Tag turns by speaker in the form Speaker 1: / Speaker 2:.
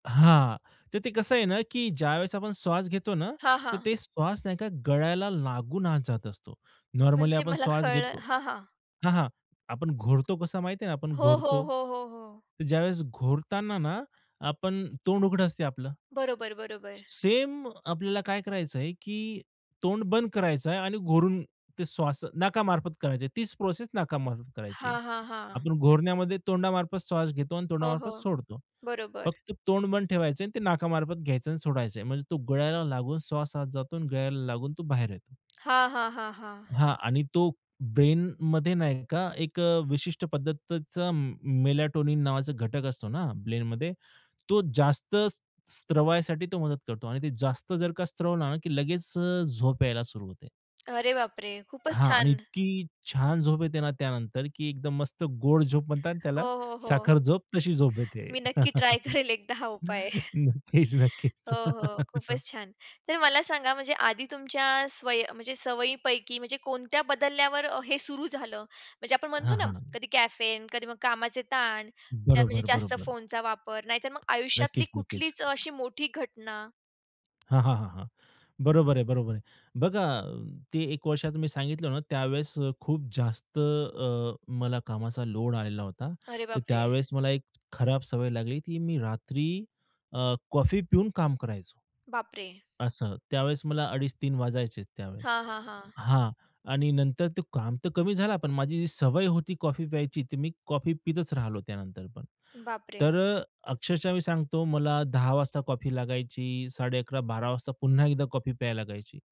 Speaker 1: हां. तर ते कसं आहे ना, की ज्यावेळेस आपण श्वास घेतो ना,
Speaker 2: हां,
Speaker 1: तर
Speaker 2: हां.
Speaker 1: ते श्वास नाही का गळ्याला लागून आत जात असतो. नॉर्मली
Speaker 2: म्हणजे
Speaker 1: आपण
Speaker 2: मला
Speaker 1: श्वास
Speaker 2: कळलं.
Speaker 1: घेतो
Speaker 2: हां, हां.
Speaker 1: हां, हां. आपण घोरतो कसा माहिती आहे ना, आपण
Speaker 2: हो, हो,
Speaker 1: घोरतो.
Speaker 2: हो, हो, हो.
Speaker 1: ज्यावेळेस घोरताना ना, आपण तोंड उघडं असतं आपलं
Speaker 2: बरोबर, बरोबर.
Speaker 1: सेम आपल्याला काय करायचंय, की तोंड बंद करायचं आहे आणि घोरून ते श्वास नाकामार्फत करायचं आहे. तीच प्रोसेस नाकामार्फत करायची आहे.
Speaker 2: हां, हां, हां.
Speaker 1: आपण घोरण्यामध्ये तोंडामार्फत श्वास घेतो आणि
Speaker 2: हो, हो.
Speaker 1: तोंडामार्फत सोडतो.
Speaker 2: बरोबर.
Speaker 1: फक्त तोंड बंद ठेवायचं आणि ते नाकामार्फत घ्यायचं आणि सोडायचं आहे. म्हणजे तो गळ्याला लागून श्वास आत जातो आणि गळ्याला लागून तो बाहेर येतो.
Speaker 2: हां, हां, हां, हां.
Speaker 1: हां आणि तो ब्रेनमध्ये नाही का एक अ, विशिष्ट पद्धतीचा मेलाटोनिन नावाचा घटक असतो ना, ब्रेनमध्ये. तो जास्त स्त्रवायसाठी तो मदत करतो आणि ते जास्त जर का स्त्रवला ना की लगेच अ, झोप यायला सुरू होते.
Speaker 2: अरे बापरे! खूपच
Speaker 1: हां आणि
Speaker 2: छान.
Speaker 1: इतकी छान झोप येते ना त्यानंतर की एकदम मस्त गोड झोप म्हणतात त्याला,
Speaker 2: हो, हो, हो.
Speaker 1: साखर झोप तशी झोप येते.
Speaker 2: मी नक्की ट्राय करेल एकदा हा उपाय
Speaker 1: नक्कीच, नक्कीच.
Speaker 2: हो, हो. खूपच छान. तर मला सांगा म्हणजे आधी तुमच्या स्वयी म्हणजे सवयींपैकी म्हणजे कोणत्या बदलल्यावर अ, हे सुरू झालं, म्हणजे आपण म्हणतो
Speaker 1: हां,
Speaker 2: ना
Speaker 1: हां.
Speaker 2: कधी कॅफेन, कधी मग कामाचे ताण, ज्या म्हणजे
Speaker 1: बरोबर,
Speaker 2: जास्त
Speaker 1: बरोबर.
Speaker 2: फोनचा वापर, नाहीतर मग आयुष्यातली
Speaker 1: नक्कीच, नक्कीच.
Speaker 2: कुठलीच अशी मोठी घटना?
Speaker 1: हां, हां, हां, हां. बरोबर आहे, बरोबर आहे. बघा ते एक वर्षाचं मी सांगितलं ना, त्यावेळेस खूप जास्त अ, मला कामाचा लोड आलेला होता,
Speaker 2: अरे
Speaker 1: तर
Speaker 2: बापरे!
Speaker 1: त्यावेळेस मला एक खराब सवय लागली, की मी रात्री अ, कॉफी पिऊन काम करायचो
Speaker 2: बापरे!
Speaker 1: असं. त्यावेळेस मला 2:30-3;00 वाजायचे त्यावेळेस
Speaker 2: हां, हां, हां.
Speaker 1: हां आणि नंतर ते काम तर कमी झाला, पण माझी जी सवय होती कॉफी प्यायची, तर मी कॉफी पीतच राहिलो त्यानंतर पण.
Speaker 2: बापरे!
Speaker 1: तर अ, अक्षरशः मी सांगतो मला 10:00 वाजता कॉफी लागायची, 11:30-12:00 वाजता पुन्हा एकदा कॉफी प्यायला लागायची.